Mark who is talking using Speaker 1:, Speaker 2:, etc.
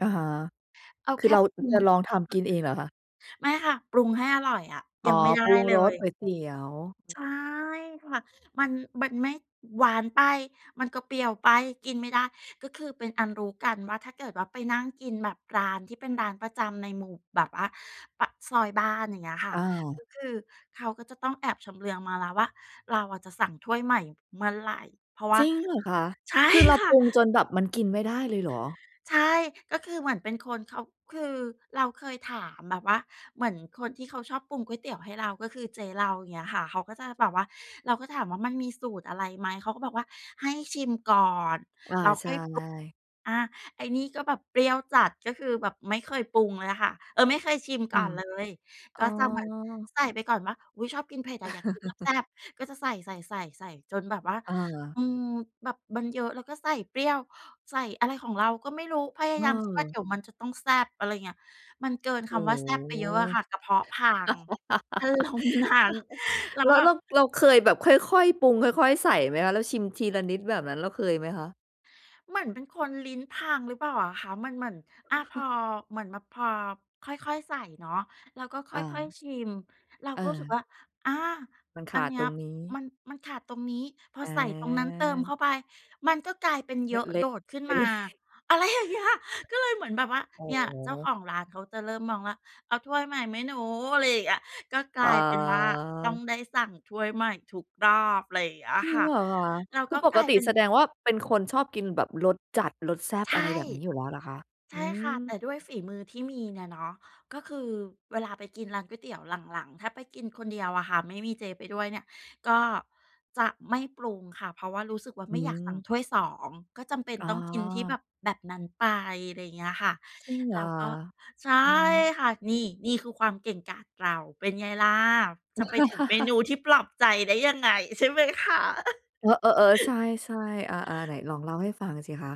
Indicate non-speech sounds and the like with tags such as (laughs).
Speaker 1: อาฮะ
Speaker 2: เอา
Speaker 1: คื
Speaker 2: แค
Speaker 1: อ
Speaker 2: ่
Speaker 1: เรา
Speaker 2: ปรุ
Speaker 1: จ
Speaker 2: ง
Speaker 1: ะลองทำกินเองเหรอคะ?
Speaker 2: ไม่ค่ะ ปรุงให้อร่อยอะ
Speaker 1: อ๋
Speaker 2: ย
Speaker 1: อ
Speaker 2: ังไม่ได้
Speaker 1: ปรุง
Speaker 2: เล
Speaker 1: รส
Speaker 2: ย
Speaker 1: ก๋วยเตี๋ยว
Speaker 2: ใช่ค่ะ มัน มันไม่หวานไป มันก็เปรี้ยวไป กินไม่ได้ ก็คือเป็นอันรู้กันว่า ถ้าเกิดว่าไปนั่งกินแบบร้านที่เป็นร้านประจำในหมู่ แบบว่าปากซอยบ้าน อย่างเงี้ยค่
Speaker 1: อ
Speaker 2: ะ
Speaker 1: ้าว
Speaker 2: ก็คือเขาก็จะต้องแอบชำเลืองมาแล้วว่า เราอะจะสั่งถ้วยใหม่เมื่อไหร่ เพราะว่
Speaker 1: จ
Speaker 2: า
Speaker 1: ริงเหรอคะ?
Speaker 2: ใช่
Speaker 1: คือเรา
Speaker 2: ค่
Speaker 1: ป
Speaker 2: ะ
Speaker 1: รุงจนแบบมันกินไม่ได้เลยเหรอ?
Speaker 2: ใช่ ก็คือเหมือนเป็นคน เขา คือเราเคยถามแบบว่าเหมือนคนที่เขาชอบปรุงก๋วยเตี๋ยวให้เรา ก็คือเจ๊เรา เงี้ยค่ะ เขาก็จะแบบว่า เราก็ถามว่า "มันมีสูตรอะไรไหม?" เขาก็บอกว่า "ให้ชิมก่อน
Speaker 1: อา ใช่
Speaker 2: แล้วค่อยปรุง" อา ไอ้นี่ก็แบบเปรี้ยวจัด ก็คือแบบไม่เคยปรุงเลยค่ะ เออ ไม่เคยชิม
Speaker 1: ค
Speaker 2: ก
Speaker 1: ่
Speaker 2: ่อ
Speaker 1: ะ
Speaker 2: นเลย
Speaker 1: อ๋
Speaker 2: ก็
Speaker 1: อ
Speaker 2: จะเหมือนใส่ไปก่อนว่า อุ๊ย ชอบกินเผ็ดอะ อยากกินแซ
Speaker 1: (chuckles)
Speaker 2: ่บ ๆ ก็จะใส่ ๆ ๆ ๆ จนแบบว่า
Speaker 1: เออ
Speaker 2: อืม แบบมันเยอะแล้วก็ใส่เปรี้ยว ใส่อะไรของเราก็ไม่รู้ พยายามคิดว่า เดี
Speaker 1: เออ
Speaker 2: ๋ยวมันจะต้องแซ่บ อะไรเงี้ย มันเกิน
Speaker 1: โ
Speaker 2: ค
Speaker 1: อ้
Speaker 2: ำว่าแซ่บไป
Speaker 1: โฮ
Speaker 2: เยอะอะค่ะ กระเพาะพัง อารมณ์นั้น
Speaker 1: (laughs)
Speaker 2: เรา
Speaker 1: แล
Speaker 2: ก
Speaker 1: ้
Speaker 2: ็
Speaker 1: ว
Speaker 2: แบ
Speaker 1: เร
Speaker 2: บ
Speaker 1: า เราเคยแบบค่อย ๆ ปรุง ค่อย ๆ ใส่ไหมคะ? แล้วชิมทีละนิดแบบนั้น เราเคยไหมคะ?
Speaker 2: เหมือนเป็นคนลิ้นพังหรือเปล่าอะคะ? มันเหมือน อะพอ
Speaker 1: (chuckles)
Speaker 2: เหมือนแบบพอค่อย ๆ ใส่เนาะ เราก็ค
Speaker 1: อ
Speaker 2: ่อย
Speaker 1: า
Speaker 2: ๆ ชิม เรา
Speaker 1: เ
Speaker 2: ก็รู้สึก
Speaker 1: ออ
Speaker 2: ว่า อา
Speaker 1: มันข
Speaker 2: อัน
Speaker 1: าด
Speaker 2: เนี้
Speaker 1: ตร
Speaker 2: ย
Speaker 1: งนี้
Speaker 2: มัน มันขาดตรงนี้ พอใส่ตรงนั้นเติม
Speaker 1: อา
Speaker 2: เข้าไปมันก็กลายเป็นเย
Speaker 1: ล
Speaker 2: อ
Speaker 1: เล
Speaker 2: ะโดด
Speaker 1: ะ
Speaker 2: ขึ้น
Speaker 1: ไป
Speaker 2: มา
Speaker 1: เลย
Speaker 2: อะไรอย่างเงี้ย ก็เลยเหมือนแบบว่า
Speaker 1: อ๋อ
Speaker 2: เนี่ย เจ้าของร้านเขาจะเริ่มมองว่า "เอาถ้วยใหม่ไหมหนู?" อะไรอย่างเงี้ย ก็กล
Speaker 1: อ๋
Speaker 2: ายเป็นว่าต้อง
Speaker 1: อ
Speaker 2: ได้สั่งถ้วยใหม่ทุกรอบ อะไรอย่างเงี้ย
Speaker 1: จริ
Speaker 2: ค
Speaker 1: ง
Speaker 2: ่ะ
Speaker 1: เหรอคะ?
Speaker 2: เรา
Speaker 1: ค
Speaker 2: ก
Speaker 1: ือ
Speaker 2: ็
Speaker 1: ป
Speaker 2: กล
Speaker 1: ก
Speaker 2: าย
Speaker 1: ติ
Speaker 2: เป็น
Speaker 1: แสดงว่าแบบเป็นคนชอบกินแบบรสจัด รสแซ่บ
Speaker 2: ใช
Speaker 1: อะ
Speaker 2: ่
Speaker 1: ไรแบบนี้อยู่แล้วเหรอคะ?
Speaker 2: ใช
Speaker 1: อื
Speaker 2: ่ค่ะ
Speaker 1: ม
Speaker 2: แต่ด้วยฝีมือที่มีเนี่ยเนาะ ก็คือเวลาไปกินร้านก๋วยเตี๋ยว หลัง ๆ ถ้าไปกินคนเดียวอะค่ะ ไม่มีเจ๊ไปด้วยเนี่ย ก็จะไม่ปรุงค่ะ เพราะว่ารู้สึกว่า
Speaker 1: อื
Speaker 2: ไม่อยากสั่
Speaker 1: ม
Speaker 2: งถ้วย 2 ก็จำเป็น
Speaker 1: อ๋
Speaker 2: ต
Speaker 1: อ
Speaker 2: ้องกินที่แบบ แบบนั้นไป ไรเงี้ยค่ะ
Speaker 1: จริงเหร
Speaker 2: เร
Speaker 1: อ
Speaker 2: า
Speaker 1: ค
Speaker 2: ก
Speaker 1: ะ?
Speaker 2: ็ ใช่
Speaker 1: อือฮึ
Speaker 2: ค่ะ นี่ นี่คือความเก่งกาจเรา เป็นไงล่ะ จะไปถึงเม
Speaker 1: (chuckles)
Speaker 2: นูที่ปลอบใจได้ยังไงใช่ไหมคะ?
Speaker 1: อ เออ ๆ ใช
Speaker 2: (chuckles)
Speaker 1: ่ ๆ อา ๆ ไหนลองเล่าให้ฟังสิคะ